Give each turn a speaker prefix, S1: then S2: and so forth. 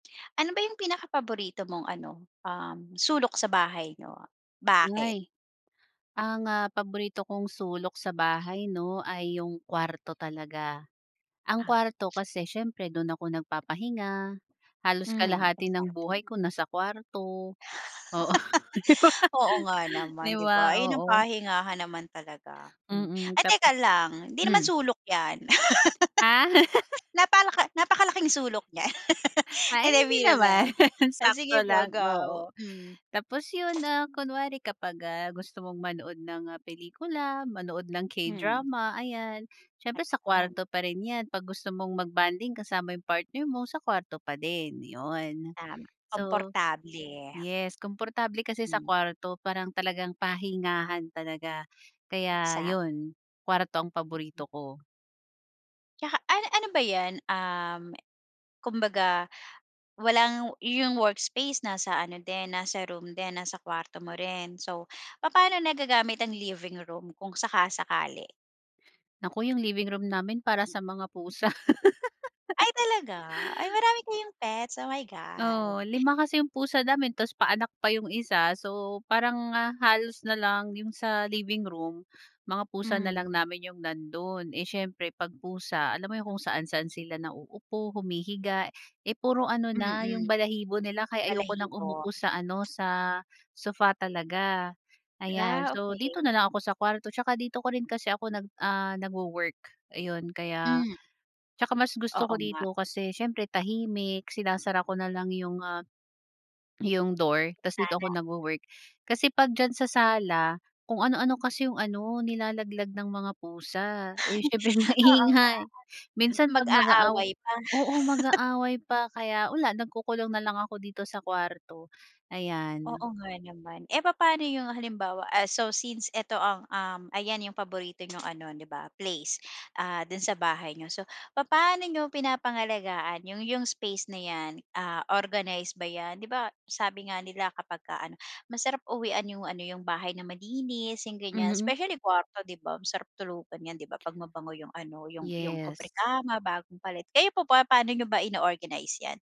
S1: Ano ba yung pinaka-paborito mong ano, um, sulok sa bahay niyo? Bakit?
S2: Buhay. Ang, ah, paborito kong sulok sa bahay 'no, ay yung kuwarto talaga. Ang
S1: Ah.
S2: kuwarto kasi siyempre, dun ako nagpapahinga, halos
S1: Hmm,
S2: kalahati ng
S1: exactly.
S2: buhay ko nasa kuwarto Oo, di ba?
S1: Oo nga
S2: 'Di
S1: naman, 'di
S2: ba?
S1: ba? Ayun ang
S2: Oo.
S1: pahingahan naman talaga, hmm.
S2: Mm.
S1: Ay,
S2: tap
S1: teka lang, hindi naman
S2: hmm?
S1: sulok 'yan.
S2: Ah.
S1: Napalaka napakalaking sulok niya.
S2: A ay,
S1: Hindi
S2: hindi
S1: biro
S2: naman.
S1: lang. Ay,
S2: Sakto
S1: sige po,
S2: lang, oo.
S1: go, hmm.
S2: Tapos yun, ah, kunwari kapag, ah, gusto mong manood ng, ah, pelikula, manood ng
S1: Hmm.
S2: K-drama, ayan, siyempre sa
S1: Ayan.
S2: kwarto pa rin 'yan. 'Pag gusto mong mag-bonding kasama yung partner mo, sa kuwarto pa din, 'yon.
S1: Tama,
S2: So,
S1: komportable.
S2: yes, komportable kasi sa
S1: Hmm.
S2: kuwarto. Parang talagang pahingahan talaga, kaya
S1: Exactly.
S2: 'yon, kuwarto ang paborito ko.
S1: Tsaka ano ano ba 'yan? Um, kumbaga walang yung workspace nasa ano din, nasa room din, nasa kuwarto mo rin? So, papaano nagagamit ang living room kung saka-sakali?
S2: Naku, yung living room namin para sa mga pusa.
S1: Ay, talaga? Ay, marami kayong pets. Oh, my god.
S2: Oo. Lima kasi yung pusa namin tapos pa-anak pa yung isa. So, parang, ah, halos na lang yung sa living room, mga pusa na lang
S1: Hmm.
S2: namin yung nandun. Eh, siyempre 'pag pusa, alam mo yung kung saan-saan sila nauupo, humihiga. Eh, puro ano na,
S1: Mm.
S2: yung balahibo nila kaya ayoko ng
S1: Balahibo.
S2: umupo sa ano, sa sofa talaga, ayan.
S1: Ah,
S2: So, dito
S1: okey.
S2: na lang ako sa kuwarto tsaka dito ko rin kasi ako nag ah, nagwo-work, ayon. Kaya
S1: Hmm.
S2: tsaka mas gusto ko
S1: Oo nga.
S2: dito kasi siyempre tahimik. Sinasara ko na lang yung, ah, yung door ta's dito
S1: Sana.
S2: ako nagwo-work. Kasi 'pag diyan sa sala, kung ano-ano kasi yung ano, nilalaglag ng mga pusa. Eh, siyempre
S1: Oo nga.
S2: maingay. Minsan 'pag nag-aaw
S1: Mag-aaway pa.
S2: oo, mag-aaway pa. Kaya wala, nagkukulong na lang ako dito sa kuwarto, ayan.
S1: Oo nga naman. Eh, papa'no yung halimbawa, ah, so since eto ang, um, ayan, yung paborito niyong ano, 'di ba, place. Ah, dun sa bahay niyo. So, papa'no niyo pinapangalagaan yung yung space na 'yan? Ah, organize ba 'yan? 'Di ba sabi nga nila kapagka ano, masarap uwian yung ano, yung bahay na malinis, yung ganiyan,
S2: Hmm.
S1: especially kuwarto, 'di ba? Masarap tulugan 'yan, 'di ba? 'Pag mabango yung ano, yung yung
S2: Yes.
S1: kobrekama, bagong palit. Kayo po ba, pa'no niyo ba ino-organize 'yan?